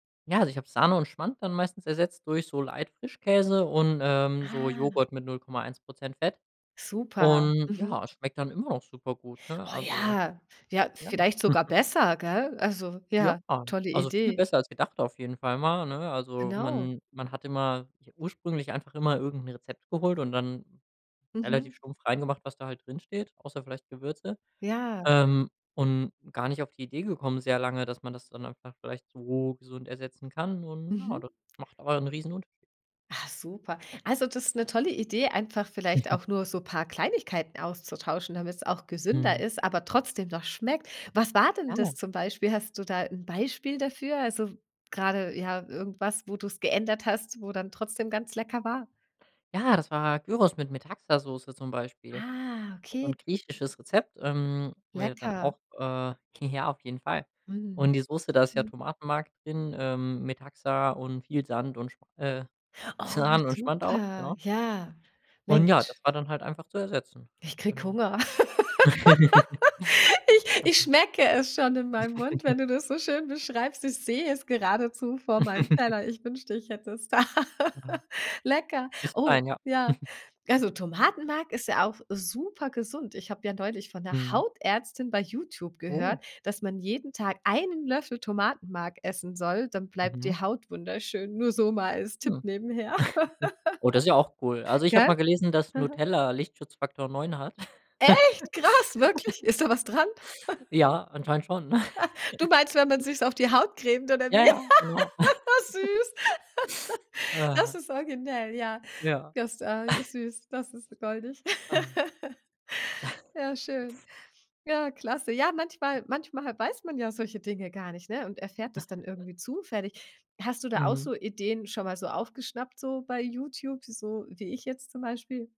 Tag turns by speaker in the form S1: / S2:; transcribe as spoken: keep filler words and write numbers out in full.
S1: Ja, also, ich habe Sahne und Schmand dann meistens ersetzt durch so Light-Frischkäse und, ähm, so
S2: Ah.
S1: Joghurt mit null Komma eins Prozent Fett.
S2: Super.
S1: Und,
S2: Mhm.
S1: ja, es schmeckt dann immer noch super gut, ne,
S2: Oh
S1: also,
S2: ja, ja,
S1: ja.
S2: vielleicht sogar besser, gell? Also,
S1: Ja.
S2: ja, tolle
S1: Also, viel
S2: Idee.
S1: besser als gedacht auf jeden Fall mal, ne? Also,
S2: Genau.
S1: man man hat immer ich habe ursprünglich einfach immer irgend 'n Rezept geholt und dann
S2: Mhm.
S1: relativ stumpf rein gemacht, was da halt drinsteht, außer vielleicht Gewürze.
S2: Ja.
S1: Ähm, und gar nicht auf die Idee gekommen sehr lange, dass man das dann einfach vielleicht so gesund ersetzen kann. Und, ja, das
S2: Mhm.
S1: macht aber 'n Riesenunterschied.
S2: Ah, super. Also, das ist 'ne tolle Idee, einfach vielleicht auch nur so paar Kleinigkeiten auszutauschen, damit's auch gesünder
S1: Mhm.
S2: ist, aber trotzdem noch schmeckt. Was war denn
S1: Ja.
S2: das zum Beispiel? Hast du da 'n Beispiel dafür? Also, grade, ja, irgendwas, wo du's geändert hast, wo dann trotzdem ganz lecker war?
S1: Ja, das war Gyros mit Metaxasoße zum Beispiel.
S2: Ah,
S1: So
S2: okay.
S1: 'n griechisches Rezept, ähm, wäre dann
S2: Lecker.
S1: auch, äh Ja, auf jeden Fall.
S2: Mhm.
S1: Und die Soße, da ist ja
S2: Mhm.
S1: Tomatenmark drin, ähm, Metaxa und viel Sand und Sch äh,
S2: Oh,
S1: Sahne und Schmand auch.
S2: super.
S1: Genau.
S2: Ja,
S1: Und, ja, das
S2: Mensch.
S1: war dann halt einfach zu ersetzen,
S2: Ich kriege
S1: genau.
S2: Hunger. Ich ich
S1: [unintelligible]
S2: schmecke es schon in meinem Mund, wenn du das so schön beschreibst. Ich sehe es geradezu vor meinem Teller. Ich wünschte, ich hätte es da.
S1: Ja.
S2: Lecker.
S1: Ist
S2: Oh,
S1: fein, ja.
S2: ja. Also, Tomatenmark ist ja auch super gesund. Ich habe ja neulich von 'ner
S1: Mhm.
S2: Hautärztin bei YouTube
S1: Oh.
S2: gehört, dass man jeden Tag einen Löffel Tomatenmark essen soll, dann bleibt
S1: Mhm.
S2: die Haut wunderschön, nur so mal als
S1: Hm,
S2: Tipp nebenher,
S1: oh, das ist ja auch cool. Also, ich habe
S2: gell?
S1: mal gelesen, dass
S2: Mhm.
S1: Nutella Lichtschutzfaktor neun hat.
S2: Echt, krass, wirklich? Ist da was dran?
S1: Ja, anscheinend schon.
S2: Ha, du meinst, wenn man sich's auf die Haut cremt oder
S1: Ja,
S2: wie?
S1: ja, genau.
S2: Süß. Das
S1: Ah.
S2: ist originell, ja.
S1: Ja.
S2: Das, äh, ist süß, das ist goldig.
S1: Ah.
S2: Ja, schön. Ja, klasse. Ja, manchmal manchmal weiß man ja solche Dinge gar nicht, ne, und erfährt das dann irgendwie zufällig. Hast du da auch
S1: Mhm.
S2: so Ideen schon mal so aufgeschnappt, so, bei YouTube, so wie ich jetzt zum Beispiel?